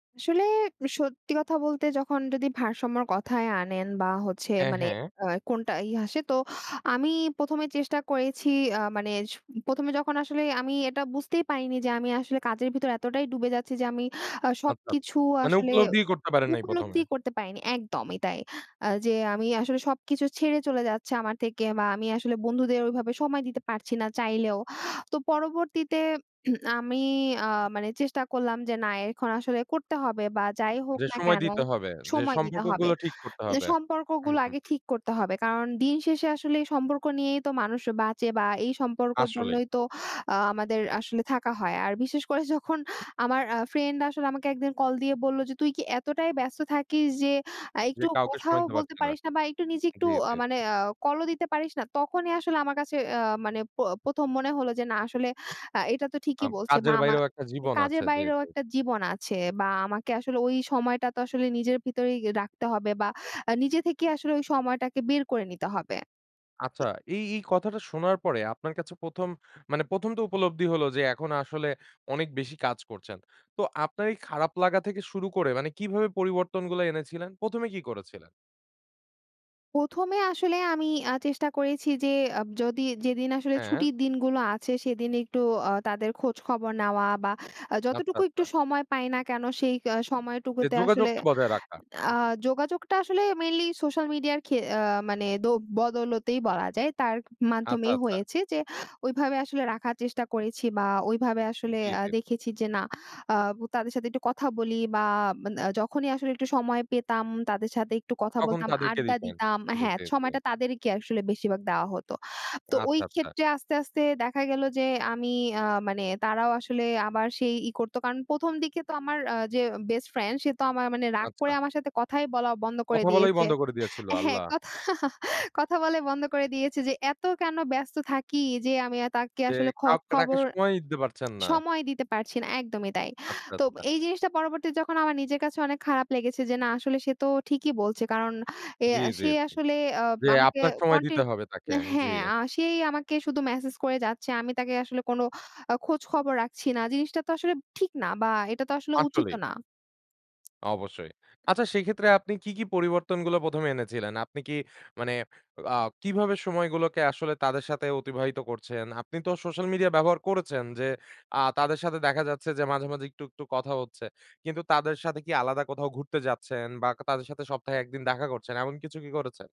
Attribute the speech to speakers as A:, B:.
A: আসলে সত্যি কথা বলতে, যখন যদি ভারসাম্যর কথায় আনেন বা, হচ্ছে
B: হ্যাঁ,
A: মানে
B: হ্যাঁ।
A: আ কোনটা ই আসে? তো আমি ১ম এ চেষ্টা করেছি আ মানে সু ১ম এ যখন আসলে আমি এটা বুঝতেই পারিনি যে আমি আসলে কাজের ভিতর এতটাই ডুবে যাচ্ছি যে আমি আ
B: আচ্ছা, আচ্ছা।
A: সবকিছু
B: মানে
A: আসলে
B: উপলব্ধিই করতে পারেন
A: ত
B: নাই ১ম এ।
A: উপলব্ধিই করতে পারিনি একদমই তাই। আ যে আমি আসলে সবকিছু ছেড়ে চলে যাচ্ছে আমার থেকে বা আমি আসলে বন্ধুদের ওইভাবে সময় দিতে পারছি না চাইলেও। তো পরবর্তীতে উম আমি আ মানে চেষ্টা করলাম যে না এখন আসলে করতে হবে বা যাই হোক
B: যে
A: না
B: সময়
A: কেন
B: দিতে হবে। যে
A: সময় দিতে হবে।
B: সম্পর্কগুলো ঠিক করতে
A: ইয়া
B: হবে। হুম,
A: সম্পর্কগুলা
B: হুম,
A: আগে
B: হুম।
A: ঠিক করতে হবে। কারণ দিন শেষে আসলে এই সম্পর্ক নিয়েই তো মানুষ বাঁচে বা, এই সম্পর্কর
B: আসলেই।
A: জন্যই তো আ আমাদের আসলে থাকা হয়। আর বিশেষ করে যখন আমার আ ফ্রেন্ড আসলে আমাকে একদিন কল দিয়ে বললো যে, "তুই কি এতটাই ব্যস্ত থাকিস যে আ
B: যে
A: একটুও
B: কাউকে সময়
A: কথাও
B: দিতে
A: বলতে
B: পারছে না।
A: পারিস না বা একটু, নিজে একটু
B: জ্বী,
A: আ
B: জ্বী,
A: মানে
B: জ্বী।
A: আ কলও দিতে পারিস না?" তখনই আসলে আমার কাছে আ মানে প ১ম মনে হলো যে, না, আসলে আ এটা তো
B: আ
A: ঠিকই বলছে বা,
B: কাজের
A: আমা
B: বাইরেও একটা জীবন
A: কাজের
B: আছে। জ্বী,
A: বাইরেও
B: জ্বী।
A: একটা জীবন আছে বা আমাকে আসলে ওই সময়টা তো আসলে নিজের ভিতরেই গে রাখতে হবে বা আ নিজে থেকেই আসলে ওই সময়টাকে বের করে নিতে হবে। তো
B: আচ্ছা। এই, এই কথাটা শোনার পরে আপনার কাছে ১ম মানে ১ম তো উপলব্ধি হলো যে এখন আসলে অনেক বেশি কাজ করছেন। তো আপনার এই খারাপ লাগা থেকে শুরু করে মানে কিভাবে পরিবর্তনগুলা এনেছিলেন? ১ম এ কি করেছিলেন?
A: ১ম এ আসলে আমি আ চেষ্টা করেছি যে, আব যদি যেদিন আসলে
B: হ্যাঁ।
A: ছুটির দিনগুলো আছে, সেদিন একটু আ তাদের খোঁজখবর নেওয়া বা আ
B: আচ্ছা,
A: যতটুকু
B: আচ্ছা।
A: একটু সময় পাই না কেন, সেই কা
B: যে
A: সময়টুকুতে আসলে
B: যোগাযোগকে বজায় রাখা।
A: আ
B: হুম।
A: যোগাযোগটা আসলে মেইনলি সোশ্যাল মিডিয়া খে আ মানে দো বদলতেই বলা যায়। তার
B: আচ্ছা,
A: মাধ্যমেই
B: আচ্ছা।
A: হয়েছে যে, ওইভাবে আসলে রাখার চেষ্টা করেছি বা ওইভাবে আসলে
B: দিয়ে
A: আ
B: দেকবো।
A: দেখেছি যে না আ বু তাদের সাথে একটু কথা বলি বা মান আ যখনই আসলে একটু সময় পেতাম, তাদের সাথে একটু কথা
B: তখন
A: বলতাম,
B: তাদেরকে
A: আড্ডা
B: দিতেন।
A: দিতাম
B: জি,
A: হ্যাঁ,
B: জি, জি।
A: সময়টা তাদেরকে আসলে বেশিরভাগ দেওয়া হতো। তো
B: আচ্ছা, আচ্ছা।
A: ওইক্ষেত্রে আস্তে, আস্তে দেখা গেল যে, আমি আ মানে তারাও আসলে আবার সেই, ই করতো। কারণ ১ম দিকে তো আমার আ যে বেস্টফ্রেন্ড সে তো আমার মানে রাগ করে
B: আচ্ছা।
A: আমার সাথে কথাই বলা বন্ধ করে
B: কথা বলাই
A: দিয়েছে
B: বন্ধ করে দিয়েছিল?
A: হ্যাঁ,
B: আল্লাহ!
A: কথা, কথা বলাই বন্ধ করে দিয়েছে যে এত কেন ব্যস্ত থাকি যে আমি আ তাকে
B: যে
A: আসলে খক খোঁজ
B: কাউকে তাকে
A: খবর
B: সময়ই দিতে পারছেন না।
A: সময় দিতে পারছি না। একদমই তাই।
B: আচ্ছা,
A: তো
B: আচ্ছা।
A: এই জিনিসটা পরবর্তীতে যখন আমার নিজের কাছে অনেক খারাপ লেগেছে যে না, আসলে সে তো ঠিকই বলছে। কারণ এ
B: জ্বী,
A: আ
B: জ্বী,
A: সে
B: জ্বী,
A: আসলে আ
B: জ্বী,
A: আমাকে
B: আপনার
A: অ
B: সময় দিতে
A: কনটেন
B: হবে তাকে। জ্বী।
A: হ্যাঁ, আ সেই আমাকে শুধু ম্যাসেজ করে যাচ্ছে। আমি তাকে আসলে কোন আ খোঁজখবর রাখছি না। জিনিসটা তো আসলে ঠিক না বা এটা তো আসলে
B: আসলেই।
A: উচিতও না।
B: অবশ্যই। আচ্ছা, সেক্ষেত্রে আপনি কি, কি পরিবর্তনগুলা ১ম এ এনেছিলেন? আপনি কি মানে আ কিভাবে সময়গুলোকে আসলে তাদের সাথে অতিবাহিত করছেন? আপনি তো সোশ্যাল মিডিয়া ব্যবহার করেছেন? যে আ তাদের সাথে দেখা যাচ্ছে যে মাঝে, মাঝে একটু, একটু কথা হচ্ছে। কিন্তু তাদের সাথে কি আলাদা কোথাও ঘুরতে যাচ্ছেন বা, কা তাদের সাথে সপ্তাহে ১ দিন দেখা করছেন, এমন কিছু কি করেছে?